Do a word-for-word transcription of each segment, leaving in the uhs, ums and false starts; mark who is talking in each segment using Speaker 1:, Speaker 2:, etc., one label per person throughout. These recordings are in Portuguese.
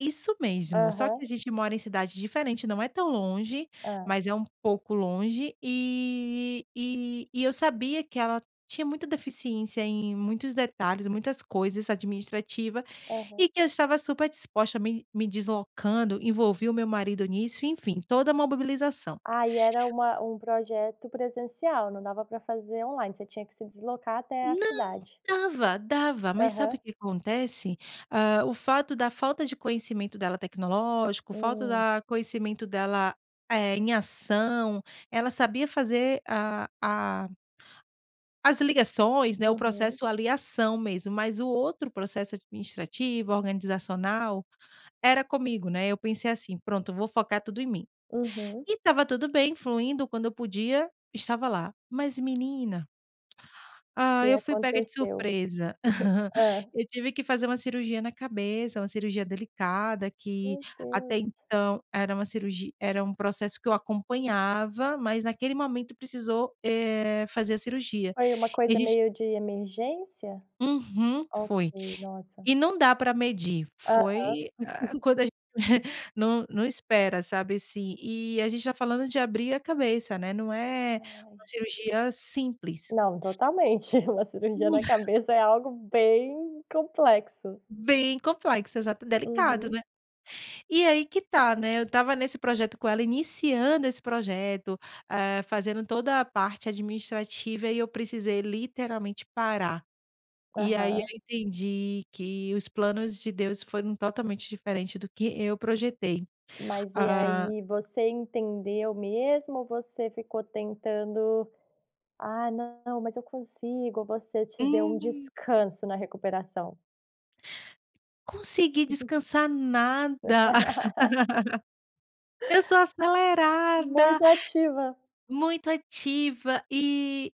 Speaker 1: Isso mesmo! Só que, a
Speaker 2: Aham.
Speaker 1: gente mora em cidade diferente. Não é tão longe,
Speaker 2: Ham.
Speaker 1: mas, é um pouco longe. Eh eh, e eu sabia, que ela tinha muita deficiência em muitos detalhes, muitas coisas administrativa.
Speaker 2: Aham.
Speaker 1: E que eu estava, super disposta. Me-me deslocando. Envolvi o meu marido nisso. Enfim, toda mobibilização.
Speaker 2: Ah, e era uma um projeto presencial. Não dava pra fazer online, você tinha que se deslocar até a
Speaker 1: Não.
Speaker 2: cidade.
Speaker 1: Dava, dava. Mas, sabe
Speaker 2: Aham.
Speaker 1: o que acontece? Hã, o fato da falta de conhecimento dela tecnológico. Falta
Speaker 2: Hum.
Speaker 1: da conhecimento dela, eh, em ação. Ela sabia fazer a a as ligações, né, o
Speaker 2: Uhum.
Speaker 1: processo ali, a ação mesmo. Mas, o outro processo administrativo, organizacional. Era comigo, né. Eu pensei assim: "Pronto, vou focar tudo em mim".
Speaker 2: Aham.
Speaker 1: E estava tudo bem, fluindo. Quando eu podia, estava lá. Mas, menina
Speaker 2: O
Speaker 1: hã
Speaker 2: que
Speaker 1: eu fui pega de
Speaker 2: aconteceu?
Speaker 1: surpresa.
Speaker 2: Hã?
Speaker 1: Eu tive que fazer uma cirurgia na cabeça, uma cirurgia delicada. Que,
Speaker 2: Meu Deus!
Speaker 1: até então, era uma cirurgi era um processo que eu acompanhava. Mas, naquele momento precisou, eh, fazer a cirurgia.
Speaker 2: Foi uma
Speaker 1: E a
Speaker 2: coisa
Speaker 1: gente
Speaker 2: meio de emergência?
Speaker 1: Uhum,
Speaker 2: Ok,
Speaker 1: foi.
Speaker 2: nossa!
Speaker 1: E não dá pra medir.
Speaker 2: Aham.
Speaker 1: Foi, hã, quando a gen não, não, espera sabe, assim. Eh, a gente tá falando de abrir a cabeça ,né. Não é,
Speaker 2: Ai.
Speaker 1: uma cirurgia simples.
Speaker 2: Não, totalmente, uma cirurgia na cabeça é algo bem complexo.
Speaker 1: Bem complexa. Exata delicado,
Speaker 2: Uhum.
Speaker 1: né. E aí que tá, né. Eu estava nesse projeto com ela iniciando esse projeto. Hã, fazendo toda a parte administrativa, e eu precisei literalmente parar. E aí eu
Speaker 2: Aham.
Speaker 1: entendi, que, os planos de Deus foram totalmente diferente do que eu projetei.
Speaker 2: Mas e
Speaker 1: Hã
Speaker 2: aí, você entendeu mesmo ou você ficou tentando. "Ah não, mas eu consigo.". Você te deu um
Speaker 1: Hum.
Speaker 2: descanso na recuperação?
Speaker 1: Consegui descansar nada. Eu sou acelerada.
Speaker 2: Muito ativa.
Speaker 1: Muito ativa, eh,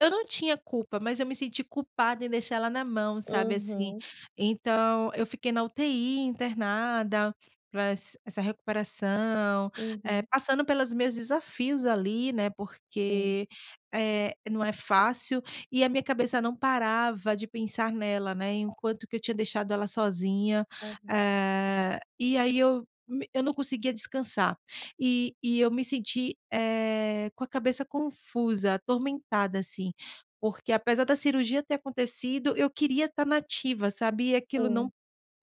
Speaker 1: eu não tinha culpa, mas, eu me senti culpada, em deixar ela na mão sabe, assim.
Speaker 2: Uhum.
Speaker 1: Então, eu fiquei na U-T-I internada, pra ess essa recuperação. Eh,
Speaker 2: Uhum.
Speaker 1: passando pelas meus desafios ali, né.
Speaker 2: Hum.
Speaker 1: Porque, eh, não é fácil. E a minha cabeça não parava de pensar nela, né. E, enquanto que eu tinha deixado ela sozinha.
Speaker 2: Aham.
Speaker 1: Eh. E aí eu me eu não conseguia descansar. E e eu me senti, eh, com a cabeça confusa, atormentada, assim. Porque, apesar da cirurgia ter acontecido, eu queria tá na ativa, sabe. E aquilo, não
Speaker 2: Sim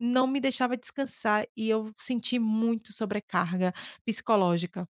Speaker 1: não me deixava descansar. E eu senti muito sobrecarga psicológica.